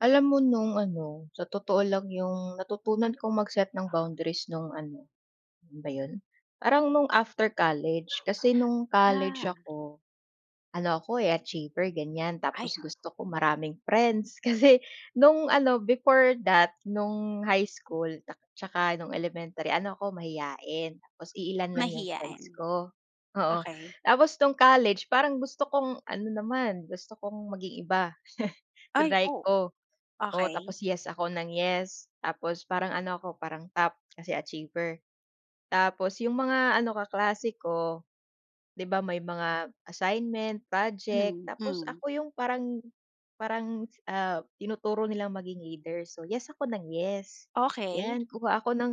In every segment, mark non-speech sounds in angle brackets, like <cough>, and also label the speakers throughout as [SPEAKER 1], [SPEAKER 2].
[SPEAKER 1] Alam mo no'ng ano sa totoo lang, 'yong natutunan kong mag-set ng boundaries no'ng ano, kailan ba 'yon? Parang no'ng after college. Kasi no'ng college
[SPEAKER 2] Ah.
[SPEAKER 1] ako, ano ako, eh, achiever ganyan.
[SPEAKER 2] Ay.
[SPEAKER 1] Tapos gusto ko maraming friends kasi no'ng ano before that, no'ng high school, tsaka no'ng elementary, ano ako mahiyain. Tapos iilan lang 'yong friends
[SPEAKER 2] Mahiyain,
[SPEAKER 1] ko. Oo,
[SPEAKER 2] okey.
[SPEAKER 1] tapos no'ng college parang gusto kong ano naman gusto kong maging iba. <chuckles>
[SPEAKER 2] Ay,
[SPEAKER 1] Triny
[SPEAKER 2] oh.
[SPEAKER 1] ko. Oo
[SPEAKER 2] Okey.
[SPEAKER 1] tapos, yes ako nang yes. Tapos parang ano ako, parang top, kasi achiever. Tapos 'yong mga ano kaklase ko, 'di ba, may mga assignment, project.
[SPEAKER 2] Hmm,
[SPEAKER 1] Tapos
[SPEAKER 2] hmm.
[SPEAKER 1] ako 'yong parang parang, ah, tinuturo nilang maging leader. So, yes ako nang yes,
[SPEAKER 2] Okey.
[SPEAKER 1] 'yan. Kuha ako ng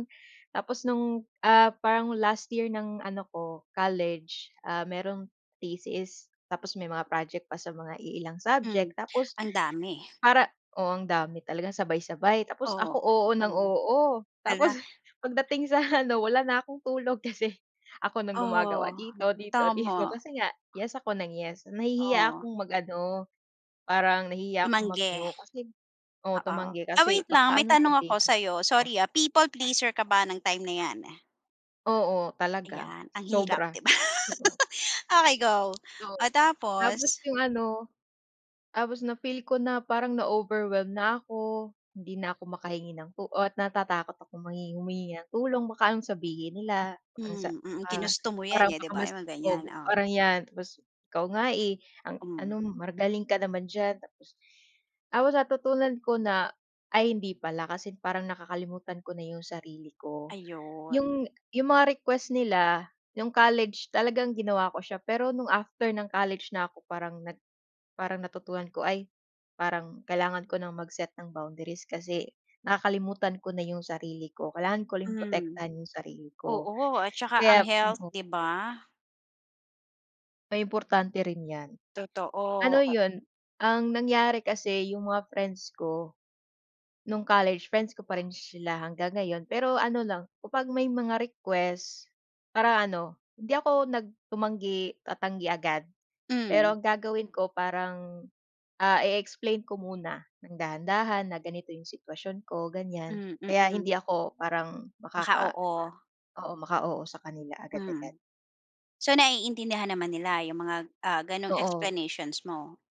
[SPEAKER 1] tapos no'ng, ah, parang last year ng ano ko, college, ah, mayroong thesis. Tapos may mga project pa sa mga iilang
[SPEAKER 2] Hmm,
[SPEAKER 1] subject. Tapos
[SPEAKER 2] ang dami.
[SPEAKER 1] para oo, ang dami, talagang sabay-sabay. Tapos
[SPEAKER 2] Oo
[SPEAKER 1] ako, oo ng
[SPEAKER 2] oo.
[SPEAKER 1] oo.
[SPEAKER 2] Hala.
[SPEAKER 1] Tapos pagdating sa ano, wala na akong tulog kasi ako ng gumagawa
[SPEAKER 2] Oh,
[SPEAKER 1] dito dito dito.
[SPEAKER 2] tama.
[SPEAKER 1] Kasi nga yes ako nang yes. Nahihiya
[SPEAKER 2] Oh.
[SPEAKER 1] akong mag ano, parang nahihiya akong
[SPEAKER 2] Tumanggi?
[SPEAKER 1] mag-no kasi oo,
[SPEAKER 2] Oo.
[SPEAKER 1] tumanggi
[SPEAKER 2] Ay
[SPEAKER 1] kasi
[SPEAKER 2] wait lang,
[SPEAKER 1] baka
[SPEAKER 2] may
[SPEAKER 1] anong
[SPEAKER 2] tanong ako
[SPEAKER 1] sabihin.
[SPEAKER 2] sa'yo.
[SPEAKER 1] Oh.
[SPEAKER 2] Sorry ah. People pleaser ka ba ng time na 'yan?
[SPEAKER 1] Oo, talaga,
[SPEAKER 2] Ayan, ang hirap,
[SPEAKER 1] sobra.
[SPEAKER 2] 'di ba? Okey, go.
[SPEAKER 1] Oo,
[SPEAKER 2] Oh,
[SPEAKER 1] tapos
[SPEAKER 2] tapos?
[SPEAKER 1] 'yong ano, tapos na-feel ko na parang na-overwhelmed na ako. Hindi na ako makahingi ng tu ah, natatakot akong manghingi humingi ng tulong. Baka anong sabihin nila. Ang sa
[SPEAKER 2] Hmm, mm,
[SPEAKER 1] ah,
[SPEAKER 2] ginusto mo 'yan
[SPEAKER 1] parang
[SPEAKER 2] eh, 'di
[SPEAKER 1] baka
[SPEAKER 2] ba?
[SPEAKER 1] mas,
[SPEAKER 2] 'Yong mga ganyan,
[SPEAKER 1] oh,
[SPEAKER 2] oh.
[SPEAKER 1] parang 'yan tapos, "Ikaw nga, eh, ang ano
[SPEAKER 2] Hmm.
[SPEAKER 1] magaling ka naman diyan." Tapos tapos natutunan ko na ay hindi pala. Kasi parang nakakalimutan ko na 'yong sarili ko.
[SPEAKER 2] Ayun.
[SPEAKER 1] 'Yong 'yong mga request nila, 'yong college talagang ginawa ko siya pero no'ng after ng college na 'ko parang parang nag natutunan ko, "Ay parang kailangan ko ng mag-set ng boundaries kasi nakakalimutan ko na 'yong sarili ko. Kailangan ko rin
[SPEAKER 2] Hmm.
[SPEAKER 1] protektahan 'yong sarili ko."
[SPEAKER 2] Oo at tsaka ang
[SPEAKER 1] Kaya,.
[SPEAKER 2] health,
[SPEAKER 1] <unintelligible>
[SPEAKER 2] 'di ba?
[SPEAKER 1] Ay importante rin 'yan. Ano
[SPEAKER 2] Totoo.
[SPEAKER 1] 'yon, ang nangyari kasi 'yong mga friends ko no'ng college friends ko pa rin sila hanggang ngayon. Pero ano lang, kapag may mga request, para ano, hindi ako nag tumanggi tatanggi agad. Pero
[SPEAKER 2] Hmm.
[SPEAKER 1] ang gagawin ko parang, ah, i-i-explain ko muna ng dahan-dahan na ganito 'yong sitwasyon ko ganyan.
[SPEAKER 2] Hmm,
[SPEAKER 1] Kaya hindi
[SPEAKER 2] mm.
[SPEAKER 1] ako parang
[SPEAKER 2] Naka
[SPEAKER 1] makaka
[SPEAKER 2] oo.
[SPEAKER 1] oo, maka-oo sa kanila agad-agad.
[SPEAKER 2] Hmm. So, naiintindihan naman nila 'yong mga, ah, gano'ng
[SPEAKER 1] Oo.
[SPEAKER 2] explanations mo?